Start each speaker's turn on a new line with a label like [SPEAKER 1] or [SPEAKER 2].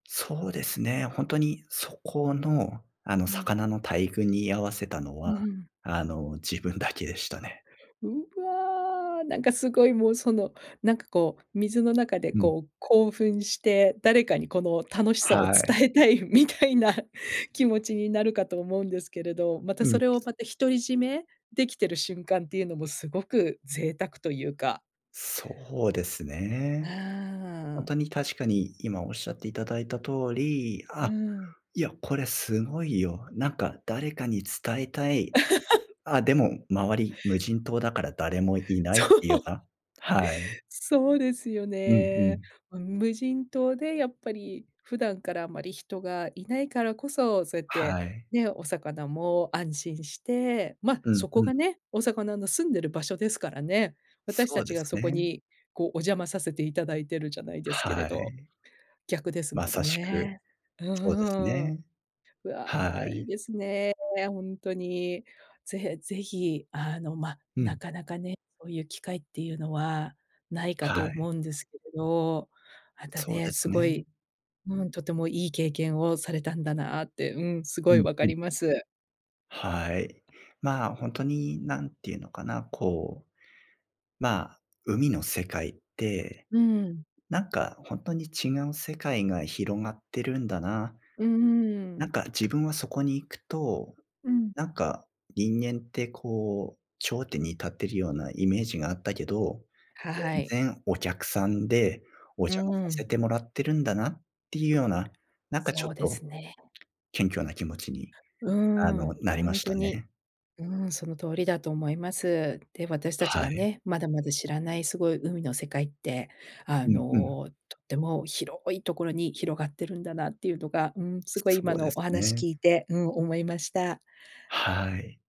[SPEAKER 1] そうですね、ほんとにそこの、あの、
[SPEAKER 2] うん。
[SPEAKER 1] 魚の大群に居合わせたの
[SPEAKER 2] うん、
[SPEAKER 1] は、
[SPEAKER 2] ふん。
[SPEAKER 1] あの、自分だけでしたね。
[SPEAKER 2] うわ！なんかすごい、もうその、なんかこう、水の中で
[SPEAKER 1] うん。
[SPEAKER 2] こう、興奮して、「誰かにこの楽しさを
[SPEAKER 1] は
[SPEAKER 2] 伝
[SPEAKER 1] い。
[SPEAKER 2] えたい」みたいな気持ちになるかと思うんですけれど、また
[SPEAKER 1] う
[SPEAKER 2] そ
[SPEAKER 1] ん。
[SPEAKER 2] れをまた、独り占めできてる瞬間っていうのもすごく贅沢とゆうか
[SPEAKER 1] そうです
[SPEAKER 2] ああ、
[SPEAKER 1] ね。ほん
[SPEAKER 2] う
[SPEAKER 1] と
[SPEAKER 2] ん。
[SPEAKER 1] に確かに今おっしゃっていただいた通り、
[SPEAKER 2] う
[SPEAKER 1] 「あ！
[SPEAKER 2] ん。
[SPEAKER 1] いや、これすごいよ。なんか誰かに伝えたい、ん、あ、でも周り無人島だから誰もいない」っ
[SPEAKER 2] そ
[SPEAKER 1] てゆよ
[SPEAKER 2] う。
[SPEAKER 1] な、はい。
[SPEAKER 2] そうですよ
[SPEAKER 1] うんう
[SPEAKER 2] ね。
[SPEAKER 1] ん。
[SPEAKER 2] うん、無人島でやっぱり普段からあまり人がいないからこそ、そうやって、
[SPEAKER 1] はい。
[SPEAKER 2] ね、お魚も安心して、ま、
[SPEAKER 1] うん
[SPEAKER 2] そこ
[SPEAKER 1] うん。
[SPEAKER 2] がね、お魚の住んでる場所ですからね。私
[SPEAKER 1] そ
[SPEAKER 2] た
[SPEAKER 1] う
[SPEAKER 2] ち
[SPEAKER 1] で
[SPEAKER 2] が
[SPEAKER 1] す
[SPEAKER 2] そこ
[SPEAKER 1] ね。
[SPEAKER 2] にこう、お邪魔させていただいてるじゃないですけれ
[SPEAKER 1] は
[SPEAKER 2] ど、
[SPEAKER 1] い。
[SPEAKER 2] 逆です
[SPEAKER 1] ま
[SPEAKER 2] もん
[SPEAKER 1] さしく、
[SPEAKER 2] ね。う
[SPEAKER 1] そうです
[SPEAKER 2] ーん。
[SPEAKER 1] ね。
[SPEAKER 2] う
[SPEAKER 1] は
[SPEAKER 2] わ、いい
[SPEAKER 1] い。
[SPEAKER 2] ですね、ほんとに。ぜへぜひ、あの、ま、
[SPEAKER 1] う
[SPEAKER 2] な
[SPEAKER 1] ん。
[SPEAKER 2] かなかね、そういう機会っていうのはないかと
[SPEAKER 1] はい。
[SPEAKER 2] 思うんですけれど、また
[SPEAKER 1] そう
[SPEAKER 2] ね、
[SPEAKER 1] で
[SPEAKER 2] す
[SPEAKER 1] す
[SPEAKER 2] ご
[SPEAKER 1] ね。
[SPEAKER 2] い、うん、とてもいい経験をされたんだなって、うん、す
[SPEAKER 1] う
[SPEAKER 2] ごい
[SPEAKER 1] ん
[SPEAKER 2] わか
[SPEAKER 1] うん。
[SPEAKER 2] ります。
[SPEAKER 1] はい、まあ、ほんとになんて言うのかな、こう。まあ、「海の世界って、
[SPEAKER 2] うーん。
[SPEAKER 1] なんかほんとに違う世界が広がってるんだな。
[SPEAKER 2] うー
[SPEAKER 1] なん
[SPEAKER 2] ん。
[SPEAKER 1] か自分はそこに行くと、
[SPEAKER 2] うん。
[SPEAKER 1] なんか人間ってこう、頂点に立ってるようなイメージがあったけど、
[SPEAKER 2] はい。
[SPEAKER 1] 全然お客さんで、お
[SPEAKER 2] う
[SPEAKER 1] 邪魔さ
[SPEAKER 2] ー
[SPEAKER 1] せ
[SPEAKER 2] ん。
[SPEAKER 1] てもらってるんだな」っていうような、なんかちょっ
[SPEAKER 2] そうです
[SPEAKER 1] と
[SPEAKER 2] ね。
[SPEAKER 1] 謙虚な気持ちに、
[SPEAKER 2] う
[SPEAKER 1] あの、
[SPEAKER 2] ん、
[SPEAKER 1] なり
[SPEAKER 2] ほ
[SPEAKER 1] ま
[SPEAKER 2] ん
[SPEAKER 1] し
[SPEAKER 2] と
[SPEAKER 1] た
[SPEAKER 2] に、
[SPEAKER 1] ね。
[SPEAKER 2] うん、その通りだと思います。で、私たち
[SPEAKER 1] は
[SPEAKER 2] が
[SPEAKER 1] い。
[SPEAKER 2] ね、まだまだ知らないすごい海の世界って、あ
[SPEAKER 1] うんうん。
[SPEAKER 2] の、とっても広いところに広がってるんだなっていうのが、うーん、すごい
[SPEAKER 1] そ
[SPEAKER 2] 今
[SPEAKER 1] うで
[SPEAKER 2] のお
[SPEAKER 1] す
[SPEAKER 2] 話
[SPEAKER 1] ね。
[SPEAKER 2] 聞いて、うん、思いました。
[SPEAKER 1] はい。